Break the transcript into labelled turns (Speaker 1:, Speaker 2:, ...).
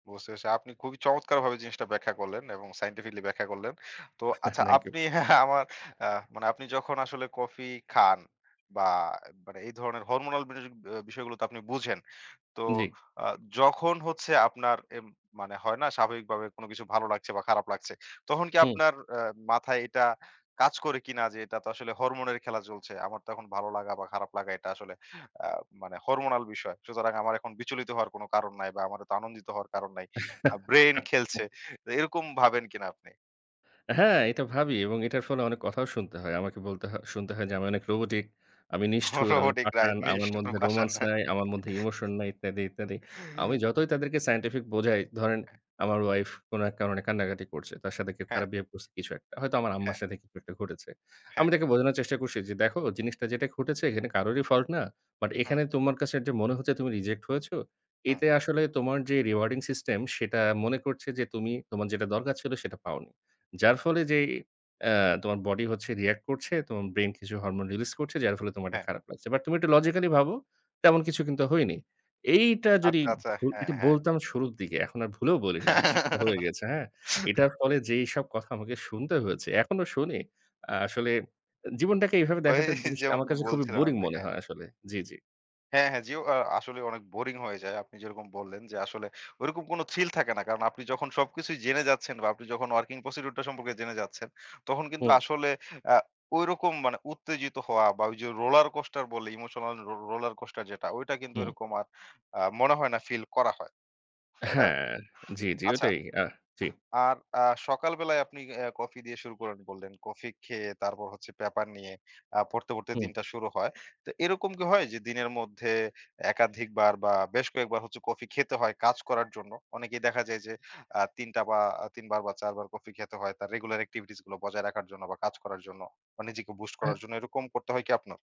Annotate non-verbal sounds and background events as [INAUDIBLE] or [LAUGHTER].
Speaker 1: বুঝতে পারছি। আপনি খুবই চমৎকারভাবে জিনিসটা ব্যাখ্যা করলেন এবং সায়েন্টিফিক্যালি ব্যাখ্যা করলেন। তো
Speaker 2: [CHUCKLES]
Speaker 1: আচ্ছা
Speaker 2: থ্যাংক ইউ।
Speaker 1: আপনি [LAUGHS] আমার আ মানে আপনি যখন আসলে কফি খান বা মানে এই ধরনের হরমোনাল বিষ বিষয়গুলো তো আপনি বুঝেন। তো
Speaker 2: জী।
Speaker 1: আ যখন হচ্ছে আপনার এ মানে হয় না স্বাভাবিকভাবে কোন কিছু ভালো লাগছে বা খারাপ লাগছে, তখন কি
Speaker 2: হুম।
Speaker 1: আপনার আ মাথায় এটা কাজ করে কিনা যে, এটা তো আসলে হরমোন এর খেলা চলছে। আমার তো এখন ভালো লাগা বা খারাপ লাগা এটা আসলে আ মানে হরমোনাল বিষয়। সুতরাং আমার এখন বিচলিত হওয়ার কোন কারণ নাই বা আমার তো আনন্দিত হওয়ার কারণ নাই আ ব্রেইন খেলছে।
Speaker 2: [LAUGHS]
Speaker 1: এরকম ভাবেন কিনা আপনি?
Speaker 2: হ্যাঁ, এটা ভাবি এবং এটার ফলে অনেক কথাও শুনতে হয়। আমাকে বলতে হয় শুনতে হয় যে, "আমি অনেক রোবটিক আমি নিষ্ঠুর, আমি
Speaker 1: রোবটিক রাইট,
Speaker 2: পাষাণ, আমার
Speaker 1: নিষ্ঠুর,
Speaker 2: মধ্যে
Speaker 1: পাষান,
Speaker 2: রোমান্স
Speaker 1: হ্যাঁ?
Speaker 2: নাই, আমার মধ্যে
Speaker 1: [LAUGHS]
Speaker 2: ইমোশন নাই ইত্যাদি, ইত্যাদি।" আমি যতই তাদেরকে সায়েন্টিফিক বোঝাই, ধরেন আমার ওয়াইফ কোন এক কারণে কান্নাকাটি করছে। তার সাথে কেউ
Speaker 1: হ্যাঁ।
Speaker 2: খারাপ বিহেভ করছে কিছু একটা। হয়তো আমার আম্মার
Speaker 1: হ্যাঁ।
Speaker 2: সাথে কিছু একটা ঘটেছে।
Speaker 1: হ্যাঁ।
Speaker 2: আমি তাকে বোঝানোর চেষ্টা করছি যে, "দেখো জিনিসটা যেটা ঘটেছে এখানে কারোরই ফল্ট না। বাট
Speaker 1: হুম।
Speaker 2: এখানে তোমার কাছে যে মনে হচ্ছে তুমি রিজেক্ট হয়েছো,
Speaker 1: হুম।
Speaker 2: এতে আসলে তোমার যে রিওয়ার্ডিং সিস্টেম সেটা মনে করছে যে তুমি তোমার যেটা দরকার ছিল সেটা পাওনি। যার ফলে যে অ্যা তোমার বডি হচ্ছে রিঅ্যাক্ট করছে, তোমার ব্রেইন কিছু হরমোন রিলিজ করছে যার ফলে তোমার এটা
Speaker 1: হ্যাঁ।
Speaker 2: খারাপ লাগছে। বাট তুমি একটু লজিক্যাল ভাবো, তেমন কিছু কিন্তু হয়নি।" এইটা যদি
Speaker 1: আচ্ছা, আচ্ছা।
Speaker 2: ভু
Speaker 1: হ্যাঁ, হ্যাঁ।
Speaker 2: বলতাম শুরুর দিকে। এখন আর ভুলেও বলি না। শিক্ষা হয়ে গেছে, হ্যাঁ?
Speaker 1: [LAUGHS]
Speaker 2: এটার ফলে যেসব কথা আমাকে শুনতে হয়েছে, এখনো শুনি। আ আসলে জীবনটাকে এভাবে
Speaker 1: ওই
Speaker 2: দেখাটা জিনিসটা
Speaker 1: যেমন
Speaker 2: আমার কাছে খুবই
Speaker 1: বলছিলেন
Speaker 2: বোরিং
Speaker 1: আপনি,
Speaker 2: মনে
Speaker 1: হ্যাঁ।
Speaker 2: হয় আসলে। জি, জি।
Speaker 1: হ্যাঁ, হ্যাঁ জি ও আসলে অনেক বোরিং হয়ে যায়। আপনি যেরকম বললেন যে আসলে ঐরকম কোন থ্রিল থাকে না। কারণ আপনি যখন সবকিছুই জেনে যাচ্ছেন বা আপনি যখন ওয়ার্কিং প্রসিডিউর টা সম্পর্কে জেনে যাচ্ছেন তখন কিন্তু
Speaker 2: হুম।
Speaker 1: আসলে আ ঐরকম মানে উত্তেজিত হওয়া বা ওই যে রোলার কোস্টার বলে ইমোশনাল রোলার কোস্টার যেটা ওইটা কিন্তু
Speaker 2: হুম।
Speaker 1: ঐরকম আর আ মনে হয় না ফিল করা হয়, তাই না?
Speaker 2: হ্যাঁ, জি, জি।
Speaker 1: আচ্ছা,
Speaker 2: ওটাই আ জি।
Speaker 1: আর আ সকাল বেলায় আপনি আ কফি দিয়ে শুরু করেন বললেন। কফি খেয়ে তারপর হচ্ছে পেপার নিয়ে অ্যা পড়তে, পড়তে
Speaker 2: হুম।
Speaker 1: দিনটা শুরু হয়। তো এরকম কি হয় যে দিনের মধ্যে একাধিকবার বা বেশ কয়েকবার হচ্ছে কফি খেতে হয় কাজ করার জন্য। অনেকেই দেখা যায় যে আ ৩টা বা ৩বার বা ৪বার কফি খেতে হয় তার রেগুলার এক্টিভিটিস গুলো বজায় রাখার জন্য বা কাজ করার জন্য বা নিজেকে বুস্ট করার জন্য। এরকম করতে হয় কি আপনার?